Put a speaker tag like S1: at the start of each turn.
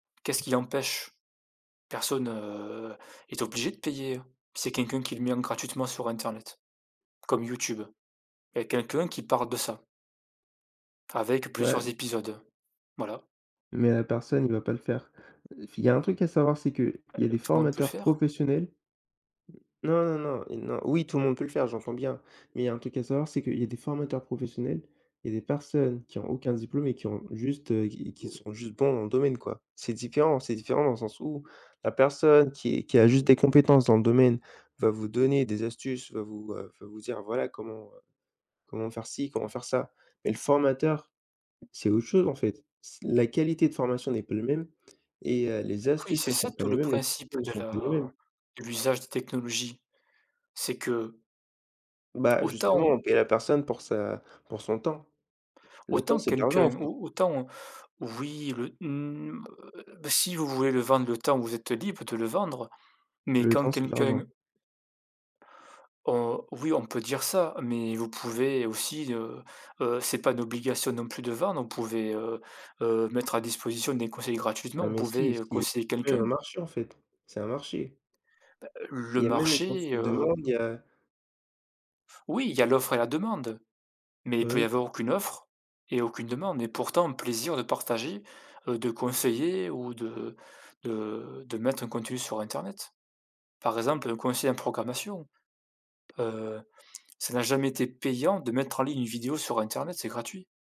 S1: Qu'est-ce qui empêche? Personne, heu, est obligé de payer hein. C'est quelqu'un qui le met en gratuitement sur internet, comme YouTube. Il y a quelqu'un qui parle de ça. Avec plusieurs
S2: Ouais.
S1: épisodes, voilà.
S2: Mais la personne, il va pas le faire. Heu, f il y a un truc à savoir, c'est qu'il
S1: Heu,
S2: y a des
S1: tout le monde peut le
S2: formateurs
S1: faire.
S2: professionnels non, non, non, i non, oui, tout le monde peut le faire, j'entends bien, mais il y a un truc à savoir c'est qu'il y a des formateurs professionnels, il y a des personnes qui ont aucun diplôme et qui ont juste, heu, qui qui sont juste bons dans le domaine, quoi. C'est différent! C'est différent dans le sens où la personne qui qui a juste des compétences dans le domaine va vous donner des astuces, va vous, heu, va vous dire voilà, comment, heu, comment faire-ci, comment faire-ça. Mais le formateur, c'est autre chose en fait, c' la qualité de formation n'est pas le même et heu, les
S1: Oui,
S2: astuces
S1: c'est
S2: ne
S1: ça,
S2: sont pas
S1: tout
S2: les
S1: le
S2: mêmes, les
S1: principe
S2: cours ne
S1: de
S2: sont pas les mêmes.
S1: la de l'usage des technologies, c'est que
S2: Bah
S1: autant
S2: justement,
S1: on
S2: on paie la personne pour sa pour son temps. Le temps,
S1: autant
S2: c'est de l'argent, en
S1: quelqu'un
S2: fait.
S1: ou autant oui le mmh, heu, si vous voulez le vendre le temps où vous êtes libre de le vendre. Mais
S2: Le
S1: quand
S2: temps, c'est de l'argent.
S1: quelqu'un Heu, oui on peut dire ça, mais vous pouvez aussi, heu, heu, c'est pas une obligation non plus de vendre, vous pouvez, heu heu, mettre à disposition des conseils
S2: Ah
S1: gratuitement, vous
S2: mais si,
S1: pouvez, heu,
S2: si
S1: conseiller
S2: c'est même un
S1: quelqu'un.
S2: marché en fait, c'est un marché.
S1: Ben,
S2: Il
S1: le
S2: y a même des gens qui
S1: marché,
S2: le
S1: heu
S2: demandent, il y a
S1: Oui, il y a l'offre et la demande. Mais
S2: Bah
S1: il peut y
S2: oui.
S1: avoir aucune offre et aucune demande et pourtant un plaisir de partager, heu, de conseiller ou de de de mettre un contenu sur internet. Par exemple, un conseiller en programmation, heu, ça n'a jamais été payant de mettre en ligne une vidéo sur internet, c'est gratuit.